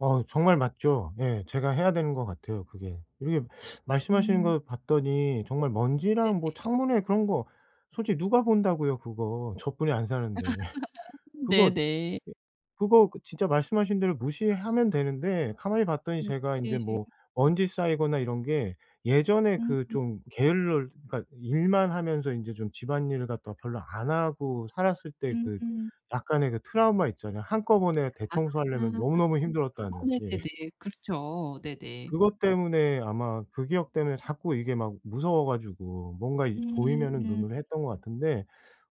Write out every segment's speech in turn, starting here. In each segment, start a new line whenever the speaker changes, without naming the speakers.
어 정말 맞죠. 예. 제가 해야 되는 것 같아요, 그게. 이렇게 말씀하시는
음.
걸 봤더니 정말 먼지랑 뭐
네네.
창문에 그런 거 솔직히 누가 본다고요 그거 저뿐이 안 사는데 그거
네네.
예 그거 그 진짜 말씀하신 대로 무시하면 되는데 가만히 봤더니
음
제가 인제
네 예.
뭐 먼지 쌓이거나 이런 게 예전에
음
그
음.
좀 게을러 그러니까 일만 하면서 인제 좀 집안일을 갖다 별로 안 하고 살았을 때
음
그
음.
약간의 그 트라우마 있잖아요. 한꺼번에
아.
대청소하려면 너무너무 힘들었다는.
어
예.
네네네. 그렇죠. 네네.
그것 때문에 아마 그 기억 때문에 자꾸 이게 막 무서워 가지고 뭔가 이
음
보이면은
음.
눈으로 했던 것 같은데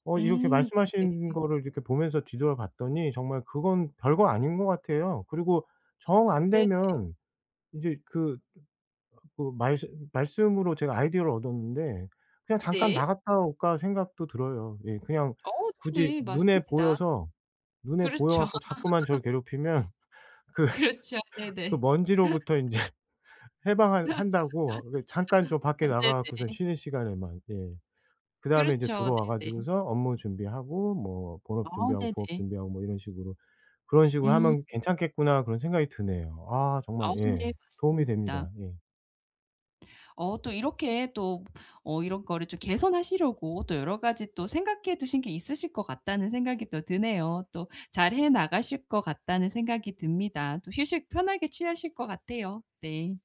어 이렇게
음
말씀하신
네네네.
거를 이렇게 보면서 뒤돌아봤더니 정말 그건 별거 아닌 것 같아요. 그리고 정
네 네.
안되면 인제 그 그 말씀 말씀으로 제가 아이디어를 얻었는데 '그냥 잠깐
네.
나갔다 올까.' 생각도 들어요 예. 그냥
어
굳이
네네.
눈에
맞습니다.
보여서, 눈에 보여
그렇죠.
갖고 자꾸만 저를 괴롭히면 그
그렇죠.
그
네네.
먼지로부터 인제 해방한 한다고 그 잠깐 좀 밖에
아
나가 갖고선
네네.
쉬는 시간에만 예. 그다음에 인제
그렇죠.
들어와
네네.
가지고서 업무 준비하고 뭐
아
본업 준비하고 부업
네네.
준비하고 뭐 이런 식으로 '그런 식으로
음.
하면 괜찮겠구나.' 그런 생각이 드네요. 아 정말
아우
예
네
도움이 됩니다.
맞습니다.
예.
어 또 이렇게 또 어 '이런 거를 좀 개선하시려고 또 여러 가지 또 생각해 두신 게 있으실 것 같다.'는 생각이 또 드네요. 또 '잘해 나가실 것 같다.'는 생각이 듭니다. 또 휴식 편하게 취하실 것 같아요. 네.